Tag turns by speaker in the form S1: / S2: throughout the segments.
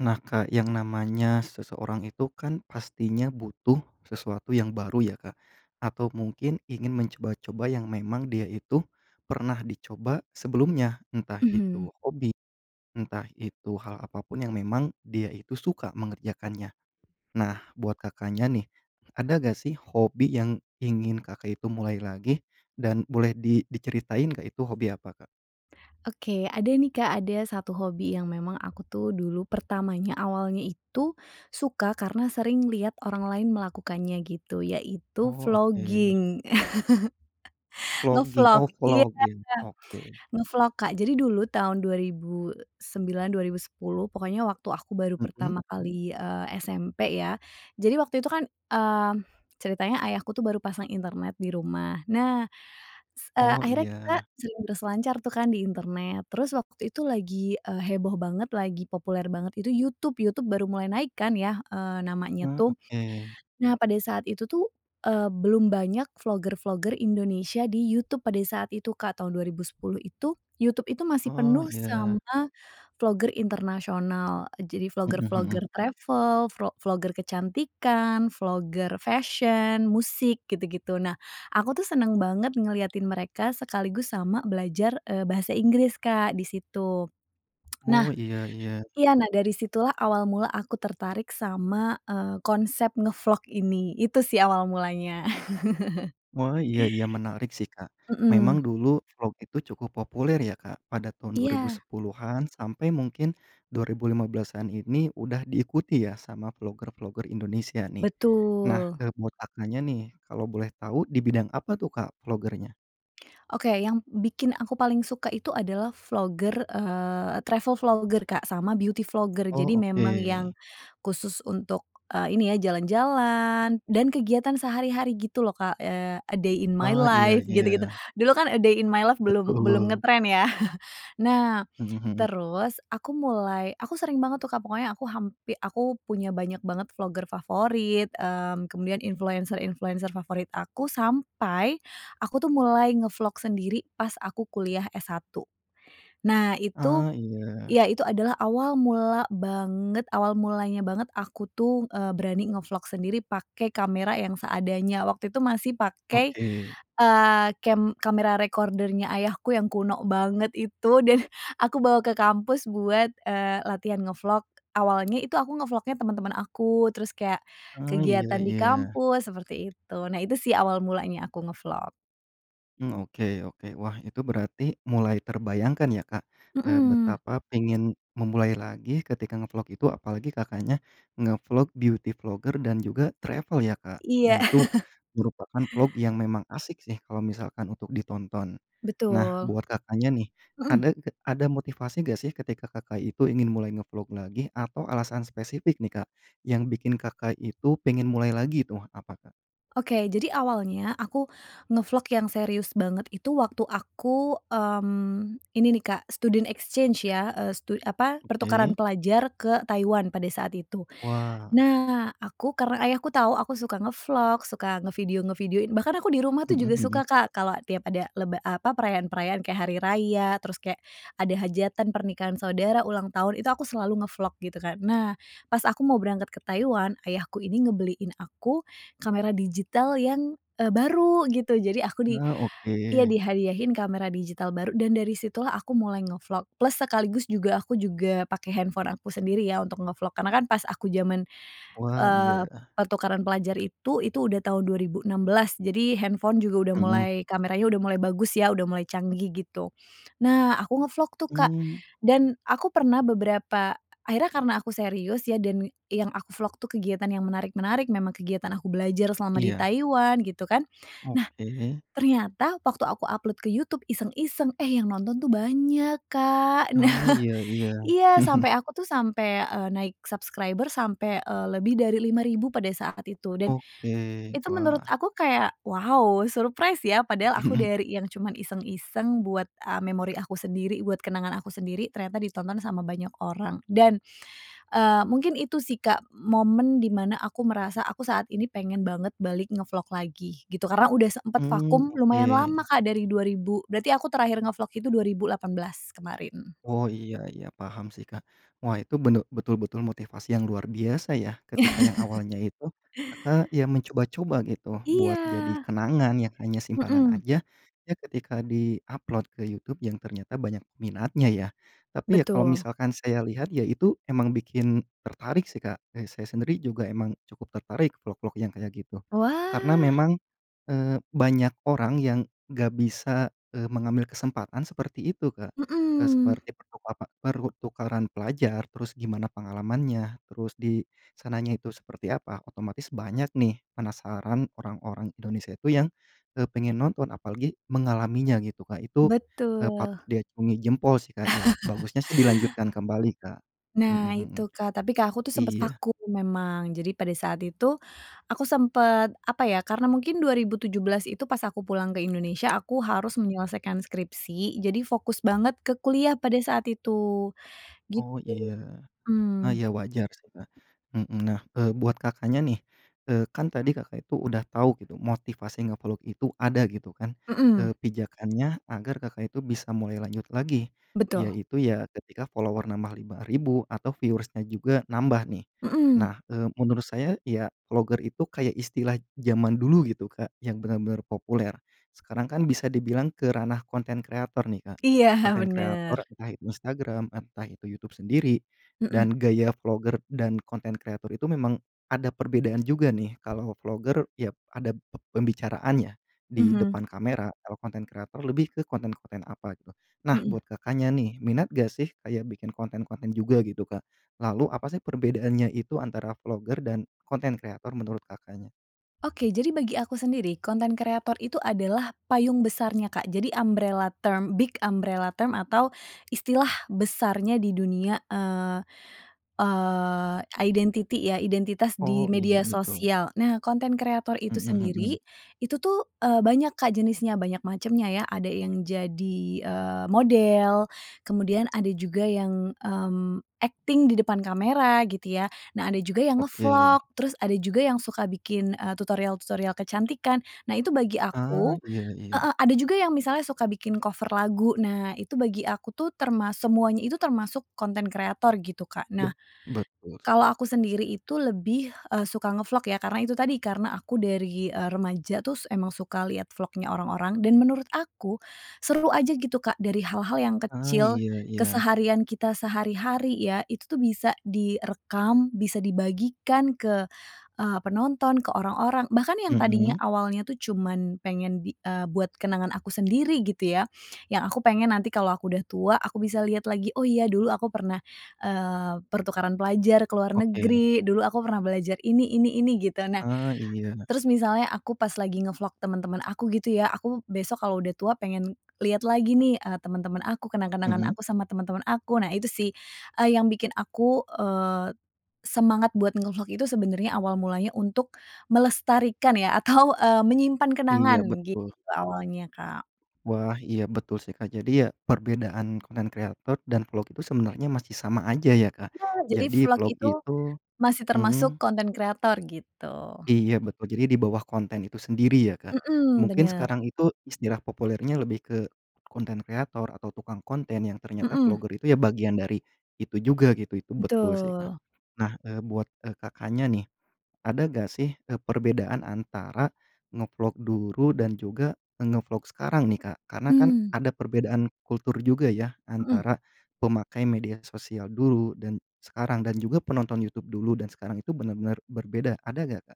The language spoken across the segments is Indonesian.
S1: Nah, Kak, yang namanya seseorang itu kan, pastinya butuh sesuatu yang baru ya, Kak, atau mungkin ingin mencoba-coba yang memang dia itu pernah dicoba sebelumnya entah
S2: Mhm.
S1: itu hobi, entah itu hal apapun yang memang dia itu suka mengerjakannya. Nah, buat Kakaknya nih, ada nggak sih hobi yang ingin, Kakak itu mulai lagi dan boleh di diceritain nggak itu hobi apa, Kak?
S2: Oke ada nih, Kak, ada 1 hobi yang memang aku tuh dulu pertamanya awalnya itu suka karena sering lihat orang lain melakukannya gitu yaitu
S1: Oh oke.
S2: vlogging,
S1: Vlogging
S2: nge-vlog
S1: oh
S2: iya, Kak,
S1: vlogging oke.
S2: nge-vlog, Kak. Jadi dulu tahun 2009, 2010 pokoknya waktu aku baru
S1: Mhm.
S2: pertama kali, eee, SMP ya. Jadi waktu itu kan, mmm, ceritanya ayahku tuh baru pasang internet di rumah. Nah s eee,
S1: Oh
S2: akhirnya, kita
S1: iya.
S2: sering berselancar tuh kan di internet. Terus waktu itu lagi, eee, heboh banget lagi populer banget itu YouTube. YouTube baru mulai naikkan ya, eee, namanya
S1: Mmm,
S2: tuh.
S1: oke.
S2: Nah, pada saat itu tuh, eee, belum banyak vlogger-vlogger Indonesia di YouTube pada saat itu, Kak, tahun 2010 itu. YouTube itu masih
S1: Oh
S2: penuh
S1: iya.
S2: sama vlogger internasional. Jadi
S1: Mhm mhm.
S2: vlogger-vlogger travel, vro vlogger kecantikan, vlogger fashion musik gitu-gitu. Nah, aku tuh senang banget ngeliatin mereka sekaligus sama belajar, eee, bahasa Inggris, Kak, di situ. Nah
S1: Oh, iya iya.
S2: iya nah, dari situlah awal mula aku tertarik sama, eee, konsep nge-vlog ini itu sih awal mulanya.
S1: Wah, iya iya menarik sih, Kak. Memang
S2: Mhm.
S1: dulu vlog itu cukup populer ya, Kak, pada tahun dua ribu
S2: Iya.
S1: sepuluhan sampe mungkin tahun 2015-an ini udah diikuti ya sama vlogger-vlogger Indonesia nih. Nah,
S2: Betul.
S1: eee, buat Kakaknya nih, kalau boleh tau di bidang apa tuh, Kak, vlogger-nya?
S2: Oke, yang bikin aku paling suka itu adalah vlogger, eee, travel vlogger Kak, sama beauty vlogger. Jadi
S1: Oh, oke.
S2: memang yang khusus untuk, eee, ini ya, jalan-jalan dan kegiatan sehari-hari gitu loh Kak. Eee, a day in my
S1: Ah, iya
S2: life gitu gitu.
S1: iya.
S2: Dulu kan a day in my life belum belum
S1: Betul.
S2: ngetren ya. Nah,
S1: Mhm mhm.
S2: terus aku mulai aku sering banget tuh Kak, pokoknya aku hampi aku punya banyak banget vlogger favorit, mmm, kemudian influencer-influencer favorit aku, sampai aku tuh mulai nge-vlog sendiri pas aku kuliah S1. Nah itu,
S1: Ah, iya.
S2: ya itu adalah awal mula banget, awal mulanya banget aku tuh, eee, berani nge-vlog sendiri pakai kamera yang seadanya waktu itu masih pakai,
S1: Oke.
S2: eee, kem kamera recorder-nya ayahku yang kuno banget itu, dan, aku bawa ke kampus buat, eee, latihan nge-vlog. Awalnya itu aku nge-vlognya teman-teman aku, terus kayak
S1: Ah, iya
S2: kegiatan di
S1: iya.
S2: kampus seperti itu. Nah itu sih awal mulanya aku nge-vlog.
S1: Mmm, oke oke. Wah itu berarti, mulai terbayangkan ya Kak, eee,
S2: Hmm.
S1: betapa pengen, memulai lagi ketika nge-vlog itu apalagi Kakaknya nge-vlog beauty vlogger dan juga travel ya Kak. Nah
S2: Iya.
S1: itu, merupakan vlog yang memang asik sih, kalau misalkan untuk ditonton. Nah,
S2: Betul.
S1: buat Kakaknya nih,
S2: Hmm.
S1: ada g ada motivasi nggak sih ketika Kakak itu ingin mulai nge-vlog lagi? Atau alasan spesifik nih Kak, yang bikin Kakak itu pengen mulai lagi tuh, apa Kak?
S2: Oke, jadi awalnya aku nge-vlog yang serius banget itu waktu aku, mmm, ini nih Kak, student exchange ya, eee, stu apa
S1: Oke.
S2: pertukaran pelajar ke Taiwan pada saat itu.
S1: Wah.
S2: Nah, aku karena Ayahku tahu aku suka nge-vlog, suka ngevideo-videoin, bahkan aku di rumah tuh
S1: Hmm
S2: juga
S1: hmm.
S2: suka Kak, kalo tiap ada leb apa perayaan-perayaan kayak hari raya, terus kayak ada hajatan pernikahan saudara, ulang tahun, itu aku selalu nge-vlog, gitu kan. Nah pas aku mau berangkat ke Taiwan, ayahku ini ngebeliin aku, kamera digital yang, eee, baru gitu. Jadi aku di
S1: Nah, oke.
S2: iya, dihadiahin kamera digital baru dan dari situlah aku mulai nge-vlog, plus sekaligus juga aku juga pakai handphone aku sendiri ya, untuk nge-vlog. Karena kan pas aku zaman,
S1: Wah
S2: eee,
S1: iya.
S2: pertukaran pelajar itu itu udah tahun 2016. Jadi handphone juga udah
S1: Hmm.
S2: mulai kameranya udah mulai bagus ya, udah mulai canggih gitu. Nah, aku nge-vlog tuh Kak,
S1: Mmm.
S2: dan aku pernah beberapa, akhirnya karena aku serius ya dan, yang aku vlog tuh kegiatan yang menarik-menarik, memang kegiatan aku belajar selama di
S1: Iya.
S2: Taiwan, gitu kan. Nah,
S1: Oke.
S2: ternyata waktu aku upload ke YouTube iseng-iseng, eh, yang nonton tuh banyak Kak.
S1: Ah,
S2: Nah,
S1: iya iya.
S2: iya, sampai aku tuh sampai, eee, naik subscriber sampai, eee, lebih dari 5000 pada saat itu. Dan,
S1: Oke,
S2: itu menurut
S1: wah.
S2: aku kayak, wow surprise ya padahal aku
S1: Mhm.
S2: dari yang cuma iseng-iseng buat, a memori aku sendiri, buat kenangan aku sendiri, ternyata ditonton sama banyak orang. Dan, eee, mungkin itu sih Kak, momen dimana aku merasa aku saat ini pengen banget balik nge-vlog lagi, gitu. Karena, udah sempet
S1: Mmm,
S2: vakum
S1: oke.
S2: lumayan lama Kak, dari 2000 berarti aku terakhir nge-vlog itu 2018, kemarin.
S1: Oh iya iya, paham sih Kak. Wah itu bene betul-betul motivasi yang luar biasa ya, ketika yang awalnya itu, Kakak ya mencoba-coba gitu, buat jadi
S2: Iya.
S1: kenangan yang hanya simpanan
S2: Hmm.
S1: aja, eh, ketika di-upload ke YouTube, yang ternyata banyak peminatnya ya. Tapi ya kalau
S2: Betul.
S1: misalkan saya lihat ya itu, emang bikin tertarik sih Kak, kayak saya sendiri juga emang cukup tertarik vlog vlog yang kayak gitu. Karena
S2: Wah.
S1: memang, eee, banyak orang yang nggak bisa, eee, mengambil kesempatan seperti itu Kak. E
S2: Hmm.
S1: seperti pertukapa pertukaran pelajar, terus gimana pengalamannya, terus di sananya itu seperti apa, otomatis banyak nih, penasaran, orang-orang Indonesia itu yang, eee, pengen nonton, apalagi mengalaminya gitu Kak, itu, e patut
S2: Betul.
S1: diacungi jempol sih Kak ya, bagusnya sih dilanjutkan kembali Kak. Hmm
S2: Nah
S1: hmm.
S2: itu Kak, tapi Kak aku tuh sempet
S1: Iya.
S2: vakum memang. Jadi pada saat itu, aku sempet, apa ya, karena mungkin 2017 itu pas aku pulang ke Indonesia, aku harus menyelesaikan skripsi, jadi fokus banget ke kuliah pada saat itu, gitu,
S1: Oh iya. Ah,
S2: mmm.
S1: iya wajar sih Kak, hmm. Nah, eee, buat Kakaknya nih, eee, kan tadi Kakak itu udah tahu gitu, motivasi nge-vlog itu ada gitu kan,
S2: Hmm.
S1: eee, pijakannya agar Kakak itu bisa mulai lanjut lagi,
S2: Betul.
S1: yaitu ya ketika follower nambah 5000 atau viewers-nya juga nambah nih.
S2: Hmm.
S1: Nah, eee, menurut saya ya vlogger itu kayak istilah zaman dulu gitu Kak, yang benar-benar populer. Sekarang kan bisa dibilang ke ranah konten kreator nih Kak,
S2: Iya,
S1: konten kreator,
S2: benar.
S1: entah itu Instagram, entah itu YouTube sendiri,
S2: Hmm.
S1: dan gaya vlogger dan konten kreator itu memang ada perbedaan juga nih. Kalau vlogger, ya ada p pembicaraannya di
S2: Mhm.
S1: depan kamera. Kalau konten kreator lebih ke konten-konten apa gitu. Nah
S2: Hmm.
S1: buat Kakaknya nih, minat nggak sih, kayak bikin konten-konten juga gitu Kak? Lalu apa sih perbedaannya itu antara vlogger dan konten kreator menurut Kakaknya?
S2: Oke, jadi bagi aku sendiri, konten kreator itu adalah payung besarnya Kak, jadi umbrella term big umbrella term atau istilah besarnya di dunia, eee eee, identity ya, identitas di
S1: Oh, iya
S2: media
S1: betul.
S2: sosial. Nah, konten kreator itu
S1: Hmm hmm.
S2: sendiri, itu tuh, eee, banyak Kak jenisnya, banyak macamnya ya. Ada yang jadi, eee, model, kemudian ada juga yang, mmm, akting di depan kamera gitu ya. Nah ada juga yang
S1: Oke.
S2: nge-vlog, terus ada juga yang suka bikin, eee, tutorial-tutorial kecantikan, nah itu bagi
S1: Ah,
S2: aku
S1: iya iya.
S2: heeh, ada juga yang misalnya suka bikin cover lagu, nah itu bagi aku tuh termas semuanya itu, termasuk konten kreator gitu Kak. Nah,
S1: Bet betul.
S2: kalau aku sendiri itu lebih, eee, suka nge-vlog ya, karena itu tadi, karena aku dari, eee, remaja tuh s emang suka lihat vlognya orang-orang, dan menurut aku, seru aja gitu Kak dari hal-hal yang
S1: Ah,
S2: kecil,
S1: iya iya.
S2: keseharian kita sehari-hari ya, itu tuh bisa direkam, bisa dibagikan ke, eee, penonton, ke orang-orang. Bahkan yang tadinya
S1: Hmm.
S2: awalnya tuh cuman pengen bi eee, buat kenangan aku sendiri gitu ya, yang aku pengen nanti kalau aku udah tua, aku bisa liat lagi oh iya dulu aku pernah, eee, pertukaran pelajar ke luar
S1: Oke.
S2: negeri, dulu aku pernah belajar ini ini ini gitu. Nah,
S1: Ah, iya.
S2: terus misalnya aku pas lagi nge-vlog teman-teman aku gitu ya, aku besok kalau udah tua pengen lihat lagi nih, eee, teman-teman aku, kenang-kenangan
S1: Hmm.
S2: aku sama teman-teman aku. Nah itu sih, eee, yang bikin aku, eee, semangat buat nge-vlog itu sebenarnya awal mulanya untuk melestarikan ya atau, eee, menyimpan
S1: Iya,
S2: kenangan, gitu
S1: betul.
S2: awalnya Kak.
S1: Wah, iya betul sih Kak. Jadi ya, perbedaan konten kreator dan vlog itu sebenarnya masih sama aja ya Kak,
S2: Iya, jadi
S1: jadi
S2: vlog
S1: vlog
S2: itu,
S1: itu
S2: masih termasuk
S1: hmm.
S2: konten kreator, gitu.
S1: Iya betul, jadi dibawah konten itu sendiri ya Kak.
S2: Hmm,
S1: Mungkin
S2: benar.
S1: sekarang itu, istilah populernya lebih ke konten kreator atau tukang konten yang ternyata
S2: Hmm.
S1: vlogger itu ya bagian dari itu juga gitu, itu betul sih Kak.
S2: Betul.
S1: Nah, eee, buat, e Kakaknya nih, ada gak sih, e perbedaan antara nge-vlog dulu dan juga nge-vlog sekarang nih Kak, karena kan
S2: Mmm.
S1: ada perbedaan kultur juga ya,
S2: Hmm.
S1: antara pemakai media sosial dulu, dan sekarang. Dan juga penonton YouTube dulu dan sekarang itu, benar benar, berbeda. Ada nggak Kak?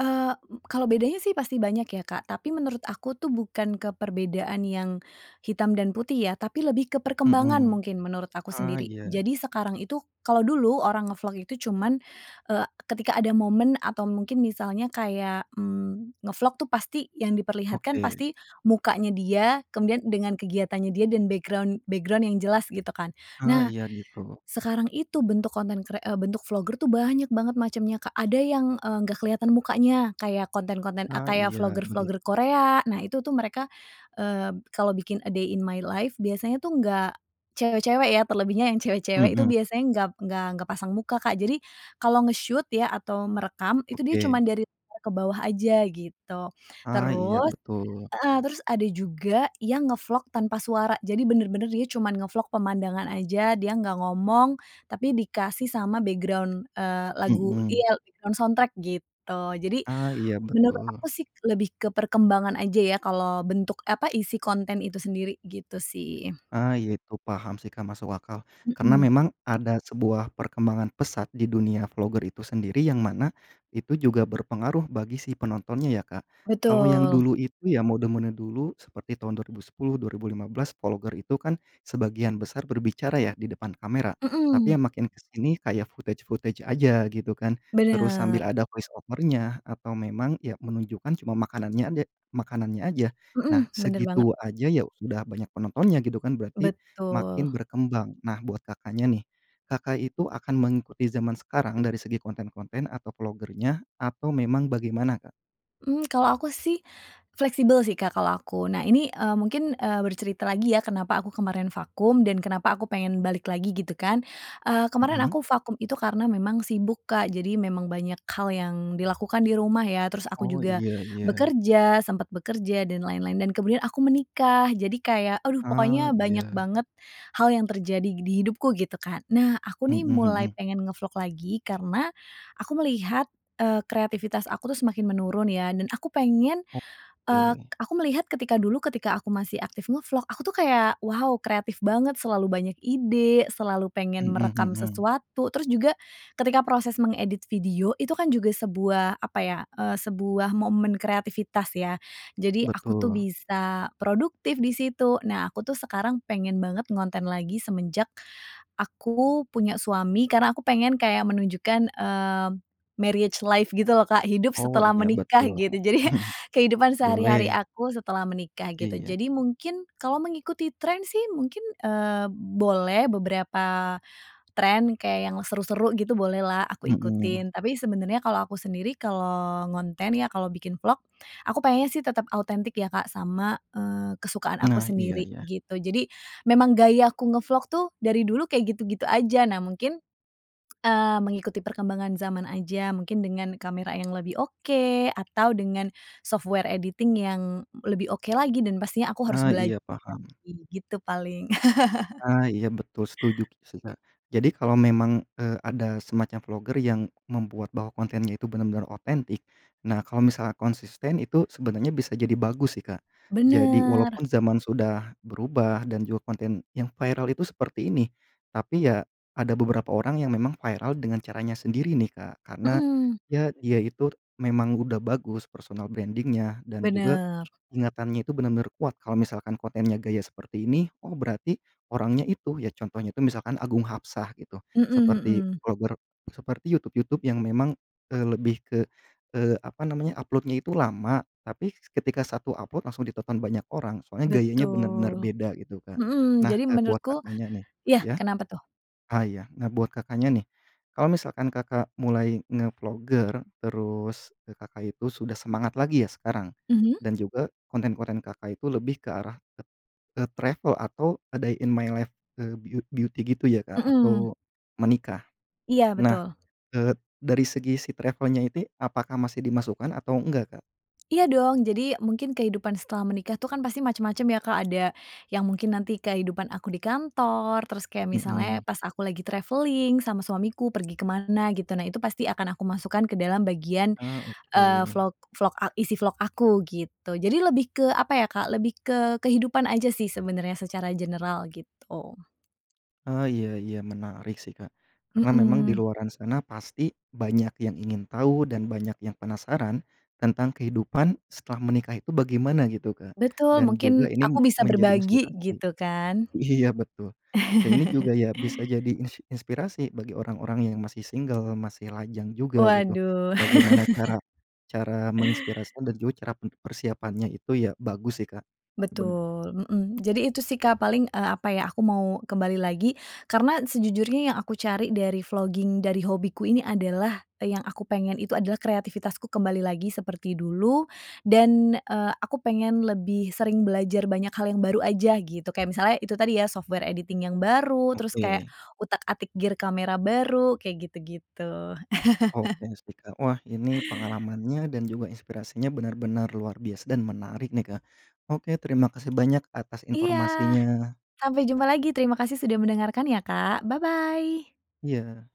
S2: Eee, m kalo bedanya sih pasti banyak ya Kak, tapi menurut aku tuh bukan ke perbedaan yang hitam dan putih ya, tapi lebih ke perkembangan
S1: Mhm.
S2: mungkin menurut aku
S1: Ah,
S2: sendiri.
S1: iya.
S2: Jadi sekarang itu kalo dulu orang nge-vlog itu cuman, eee, ketika ada momen atau mungkin misalnya kayak, mmm, nge-vlog tuh pasti, yang diperlihatkan
S1: Oke.
S2: pasti mukanya dia, kemudian dengan kegiatannya dia dan background background yang jelas, gitu kan.
S1: Ah,
S2: Nah,
S1: iya. gitu.
S2: sekarang itu bentuk konten kre eee, bentuk vlogger itu, banyak banget macamnya Kak. Ada yang, eee, nggak kelihatan mukanya, kayak konten-konten, a
S1: Ah,
S2: kayak
S1: iya
S2: vlogger vlogger
S1: begitu.
S2: Korea. Nah itu tuh mereka, eee, kalau bikin a day in my life biasanya tuh nggak cewek-cewek ya, terlebihnya yang cewek-cewek itu
S1: Hmm.
S2: biasanya nggak nggak nggak pasang muka Kak. Jadi kalau nge-shoot ya atau merekam itu dia cuman
S1: Oke.
S2: dari [unintelligible] ke bawah aja gitu.
S1: Ah, iya,
S2: Terus
S1: betul.
S2: heeh, terus ada juga yang nge-vlog tanpa suara, jadi benar-benar dia cuman nge-vlog pemandangan aja, dia nggak ngomong, tapi dikasih sama background, eee, lagu
S1: Hmm.
S2: iya background soundtrack gitu. Jadi,
S1: Ah, iya
S2: menurut aku
S1: betul.
S2: sih lebih ke perkembangan aja ya, kalau bentuk, e apa isi konten itu sendiri, gitu sih.
S1: Ah, iya itu paham sih Kak, masuk akal karena
S2: Hmm.
S1: memang ada sebuah perkembangan pesat di dunia vlogger itu sendiri, yang mana itu juga berpengaruh bagi si penontonnya ya Kak. Kalau yang
S2: Betul.
S1: dulu itu, ya mode mode dulu seperti tahun 2010, 2015 vlogger itu kan sebagian besar berbicara ya di depan kamera. Tapi
S2: Hmm.
S1: ya makin ke sini, kayak footage footage aja gitu kan. Terus
S2: Benar.
S1: sambil ada voice over-nya, atau memang, ya menunjukkan cuma makanannya adek makanannya aja.
S2: Hmm,
S1: Nah,
S2: benar banget.
S1: segitu aja ya, sudah banyak penontonnya gitu kan, berarti makin
S2: Betul.
S1: berkembang. Nah buat Kakaknya nih, Kakak itu akan mengikuti zaman sekarang dari segi konten-konten atau vlogger-nya atau memang bagaimana Kak?
S2: Mmm, kalau aku sih, fleksibel sih Kak kalau aku. Nah ini, eee, mungkin, eee, bercerita lagi ya kenapa aku kemarin vakum, dan kenapa aku pengen balik lagi, gitu kan. Eee, kemarin
S1: Mhm.
S2: aku vakum itu karena memang sibuk Kak, jadi memang banyak hal yang dilakukan di rumah ya, terus aku
S1: Oh
S2: juga
S1: iya iya.
S2: bekerja, sempat bekerja dan lain-lain, dan kemudian aku menikah. Jadi kayak, aduh
S1: Ah,
S2: pokoknya banyak
S1: iya.
S2: banget hal yang terjadi di hidupku, gitu kan. Nah aku
S1: Mhm
S2: nih mulai
S1: mhm.
S2: pengen nge-vlog lagi karena, aku melihat, eee, kreatifitas aku tuh semakin menurun ya, dan aku pengen, eee,
S1: Oke.
S2: aku melihat ketika dulu ketika aku masih aktif nge-vlog, aku tuh kayak, wow kreatif banget, selalu banyak ide, selalu pengen
S1: Hmm
S2: merekam
S1: hmm.
S2: sesuatu, terus juga ketika proses mengedit video itu kan juga sebuah apa ya, eee, sebuah momen kreativitas ya, jadi aku tuh
S1: Betul.
S2: bisa produktif di situ. Nah aku tuh sekarang pengen banget ngonten lagi semenjak, aku punya suami, karena aku pengen kayak menunjukkan, eee, marriage life gitu loh Kak, hidup
S1: Oh
S2: setelah
S1: iya
S2: menikah,
S1: betul,
S2: gitu. Jadi, kehidupan sehari-hari
S1: boleh.
S2: aku setelah menikah gitu.
S1: Iya.
S2: Jadi mungkin, kalau mengikuti trend sih mungkin, eee, boleh beberapa trend kayak yang seru-seru gitu, bolehlah aku
S1: Hmm.
S2: ikutin. Tapi sebenarnya kalau aku sendiri, kalau ngonten ya, kalau bikin vlog, aku pengennya sih tetap autentik ya Kak sama, eee, kesukaan aku
S1: Nah, iya
S2: sendiri,
S1: iya.
S2: gitu. Jadi, memang gaya aku nge-vlog tuh, dari dulu kayak gitu-gitu aja. Nah mungkin, eee, mengikuti perkembangan zaman aja, mungkin dengan kamera yang lebih oke, atau dengan software editing yang lebih oke lagi, dan pastinya aku harus
S1: Ah,
S2: belajar
S1: iya paham.
S2: lagi, gitu paling.
S1: Ah, iya betul, setuju ki sih Kak. Jadi kalau memang, eee, ada semacam vlogger yang membuat bahwa kontennya itu benar-benar otentik, nah kalau misalnya konsisten itu sebenarnya bisa jadi bagus sih Kak. Jadi
S2: Benar.
S1: walaupun zaman sudah berubah dan juga konten yang viral itu seperti ini. Tapi ya, ada beberapa orang yang memang viral dengan caranya sendiri nih Kak. Karena,
S2: Hmm.
S1: ya, dia itu, memang udah bagus, personal branding-nya, dan juga,
S2: Benar.
S1: ingatannya itu benar-benar kuat, kalau misalkan kontennya gaya seperti ini, oh berarti orangnya itu, ya contohnya itu misalkan Agung Hapsah gitu,
S2: Hmm
S1: seperti
S2: hmm.
S1: vlogger seperti YouTube YouTube yang memang, eee, lebih ke, eee, apa namanya, upload-nya itu lama, tapi ketika 1 upload langsung ditonton, banyak orang. Soalnya gayanya benar-benar
S2: Betul.
S1: beda gitu Kak.
S2: Hmm,
S1: Nah,
S2: jadi
S1: eee, buat
S2: menurutku
S1: Kakaknya nih
S2: ya,
S1: ya,
S2: kenapa tuh?
S1: ah, ya. Nah, buat Kakaknya nih, kalau misalkan Kakak mulai nge-vlogger terus, e Kakak itu sudah semangat lagi ya, sekarang.
S2: Mhm.
S1: Dan juga, konten-konten Kakak itu lebih ke arah, eee, travel atau a day in my life eee, byut beauty, gitu ya Kak
S2: Hmm.
S1: atau menikah.
S2: Iya
S1: Nah,
S2: betul.
S1: eee, dari segi si travel-nya. ini apakah masih dimasukkan atau enggak Kak?
S2: Iya dong, jadi, mungkin kehidupan setelah menikah tuh kan pasti macam-macam ya Kak, ada yang mungkin nanti kehidupan aku di kantor, terus kayak
S1: Hmm.
S2: misalnya, pas aku lagi traveling sama suamiku, pergi ke mana gitu. Nah itu pasti akan aku masukkan ke dalam bagian,
S1: Ah,
S2: eee,
S1: oke.
S2: vlog vlog, a isi vlog aku, gitu. Jadi lebih ke apa ya Kak, lebih ke kehidupan aja sih sebenarnya secara general gitu.
S1: Ah, iya iya menarik sih Kak. Karena memang di
S2: Hmm.
S1: luaran sana pasti, banyak yang ingin tahu dan banyak yang penasaran, tentang kehidupan setelah menikah itu bagaimana gitu Kak,
S2: Betul,
S1: dan juga
S2: mungkin
S1: ini
S2: aku bisa
S1: menjadi
S2: berbagi,
S1: inspirasi.
S2: gitu kan.
S1: Iya, betul, dan ini juga ya bisa jadi ins inspirasi bagi orang-orang yang masih single, masih lajang juga gitu,
S2: Waduh.
S1: bagaimana cara cara menginspirasi dan juga cara p persiapannya itu ya bagus sih Kak. Bener.
S2: Betul, hmm. Jadi itu sih Kak paling, eee, apa ya, aku mau kembali lagi, karena sejujurnya yang aku cari dari vlogging, dari hobiku ini adalah, yang aku pengen itu adalah kreativitasku kembali lagi seperti dulu, dan, eee, aku pengen lebih sering belajar banyak hal yang baru aja gitu, kayak misalnya itu tadi ya, software editing yang baru, terus kayak
S1: Oke.
S2: utak-atik gear camera baru, kayak gitu-gitu.
S1: Oke sih Kak. Wah ini pengalamannya dan juga inspirasinya benar-benar luar biasa, dan menarik nih Kak. Oke terima kasih banyak atas
S2: Iya.
S1: informasinya.
S2: Sampai jumpa lagi terima kasih sudah mendengarkan ya Kak, bye bye.
S1: Iya.